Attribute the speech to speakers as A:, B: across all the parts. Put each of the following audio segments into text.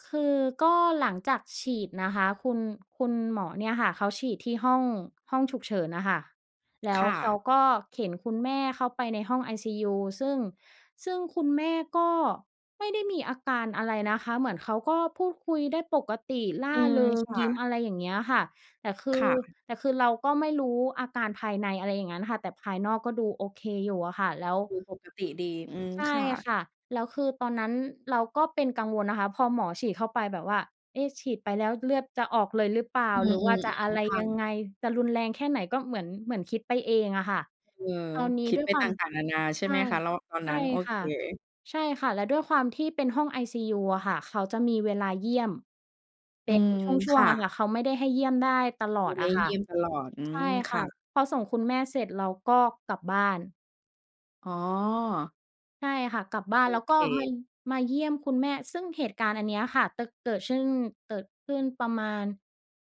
A: คือก็หลังจากฉีดนะคะ คุณ คุณหมอเนี่ยค่ะเขาฉีดที่ ห้อง ห้องฉุกเฉินน่ะค่ะ แล้
B: ค
A: ว
B: ่
A: เข
B: ะ
A: าก็เข็นคุณแม่เข้าไปในห้องไอซียู ซึ่ง ซึ่งคุณแม่ก็ไม่ได้มีอาการอะไรนะคะ เหมือนเขาก็พูดคุยได้ปกติ ร่
B: อ
A: า
B: ืม
A: เริง
B: ค่
A: ยิ้
B: ะ
A: ม อะไรอย่างเงี้ยค่ะ แต่คื
B: ค
A: อ
B: ่ะ
A: แต่คือเราก็ไม่รู้อาการภายใน อะไรอย่างงั้นค่ะ แต่ภายนอกก็ดูโอเคอยู่อะค่ะ แล้ว
B: คือปกติดี อืม
A: ใช่
B: ค่ะ
A: ค่ะ แล้วคือตอนนั้นเราก็เป็นกังวลนะคะ พอหมอฉีดเข้าไปแบบว่า เอ๊ะ ฉีดไปแล้วเลือดจะออกเลยหรือเปล่า
B: อื
A: หรือว่า
B: ม
A: จะอะไร
B: ๆ ๆ ค่
A: ยัง
B: ะ
A: ไง จะรุนแรงแค่ไหน ก็เหมือน เหมือนคิดไปเองอะค่ะ
B: เออ
A: ตอนนี้
B: คิด
A: ด้ว
B: ไ
A: ย
B: ป
A: คว
B: ต
A: าม
B: ่าง ๆ นานา ใช่
A: ใช
B: ไห
A: ่
B: มคะ แล้วตอน
A: ใช
B: น
A: ่
B: ั้น โอ
A: ค
B: เค
A: ่ะ ใช่ค่ะ แล้วด้วยความที่เป็นห้องไอซียูอะค่ะ เขาจะมีเวลาเยี่ยม เป
B: อื
A: ็น
B: ม
A: ช่
B: ค
A: ว
B: ่
A: ง ๆ อะ
B: ะ
A: ค่ะ เขาไม่ได้ให้เยี่ยมได้ตลอ
B: ไม
A: ด
B: ่ได
A: อ
B: ้
A: ะค
B: เ
A: ่
B: ย
A: ะ
B: ี่ยมตลอด อื
A: ใช่
B: ม ค
A: ค่
B: ่
A: ะ
B: ะ
A: พอส่งคุณแม่เสร็จเราก็กลับบ้าน
B: อ๋อ
A: ใช่ค่ะ กลับบ้า
B: โ
A: น
B: อ
A: แล้ว
B: เ
A: ก็ มา
B: ค
A: มาเยี่ยมคุณแม่ ซึ่งเหตุการณ์อันเนี้ยค่ะ จะ เกิดซึ่ง เกิดขึ้นประมาณ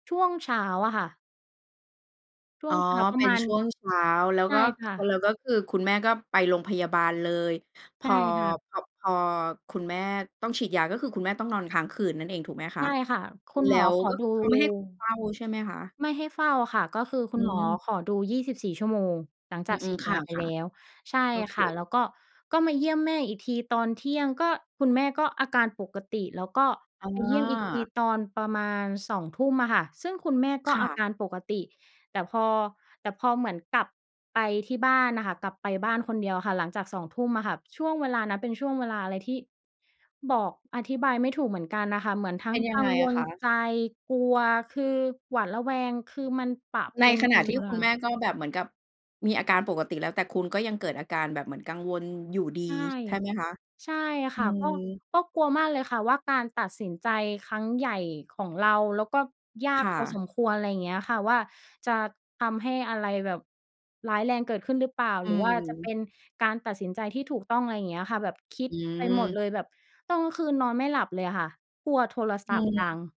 A: ช่วงเช้าอะค่ะ ช่
B: อ
A: ว
B: ๋
A: ง
B: อ
A: เช้าปร
B: เป
A: ะ
B: ็
A: ม
B: น
A: าณ
B: ช่วงเช้า แล้ว
A: ใช่
B: ก็
A: ค่ะ
B: แล้วก็คือคุณแม่ก็ไปโรงพยาบาลเลย พ
A: ใช่
B: อ
A: ค่ะ
B: พอ พอคุณแม่ต้องฉีดยา ก็คือคุณแม่ต้องนอนค้างคืนนั่นเองถูกไหม
A: ใช
B: คะ?
A: ่ค่ะ คุณ
B: แล
A: ห
B: ้
A: มอ
B: ว
A: ขอ
B: ก็
A: ดู
B: คือเขาไม่ให้คุณเฝ้าใช่ไหมคะ?
A: ไม่ให้เฝ้าค่ะ ก็คือค
B: อ
A: ุ
B: ื
A: ณหมอ
B: ม
A: ขอดู 24 ชั่วโมง หลัง
B: อ
A: จ
B: ื
A: ากฉี
B: ม
A: ด
B: ๆ ค
A: ยาไปแ
B: ่ะ
A: ล้ว ใช่
B: ๆ โอเ
A: ค่ะ แล
B: ค
A: ้วก็ ก็มาเยี่ยมแม่อีกทีตอนเที่ยง ก็คุณแม่ก็อาการปกติ แล้วก็
B: อ๋
A: ไปเยี่ยมอีกที
B: อ
A: ตอนประมาณ 20:00 อะค่ะ ซึ่งคุณแม่ก็
B: ค่
A: อา
B: ะ
A: การปกติ แต่พอ แต่พอเหมือนกลับไปที่บ้านน่ะค่ะ กลับไปบ้านคนเดียวอะค่ะ หลังจาก 20:00 อะค่ะ ช่วงเวลานั้นเป็นช่วงเวลาอะไรที่ บอกอธิบายไม่ถูกเหมือนกันน่ะค่ะ เหมือนทั
B: เ
A: ้
B: ป็
A: ง
B: นย
A: ก
B: ั
A: ั
B: งไง
A: งว
B: อะ
A: ล
B: คะ?
A: ใจ กลัว คือหวาดระแวง คือมันปะ
B: ใ
A: ป
B: น
A: น
B: ข
A: ก
B: ณ
A: ั
B: ะ
A: นไป
B: ที
A: ห
B: ่
A: มดเล
B: คุ
A: ย
B: ณ
A: ค
B: แ
A: ่
B: ม
A: ะ
B: ่ ก็แบบเหมือนกับมีอาการปกติแล้ว แต่คุณก็ยังเกิดอาการแบบเหมือนกังวลอยู่ดี
A: ใช่
B: ใช่ไหมคะ?
A: ใช่ค
B: อื
A: ่ะ ก
B: ม
A: ็ ก็กลัวมากเลยค่ะว่า การตัดสินใจครั้งใหญ่ของเรา แล้วก็ยา
B: ค
A: ก
B: ่
A: พอส
B: ะ
A: มควร อะไรอย่างเงี้ยอะค่ะ ว่าจะทำให้อะไรแบบร้ายแรงเกิดขึ้นหรือเปล่า
B: อื
A: หรือว่าจะเป
B: ม
A: ็นการตัดสินใจที่ถูกต้อง อะไรอย่างเงี้ยค่ะ แบบคิด
B: อื
A: ไปหมด
B: ม
A: เลย แบบตอนกลางคืนนอนไม่หลับเลยอะค่ะ กลัวโทร
B: อ
A: ศ
B: ื
A: ัพ
B: อ
A: ท์
B: ฮ
A: ดั
B: ึ
A: ง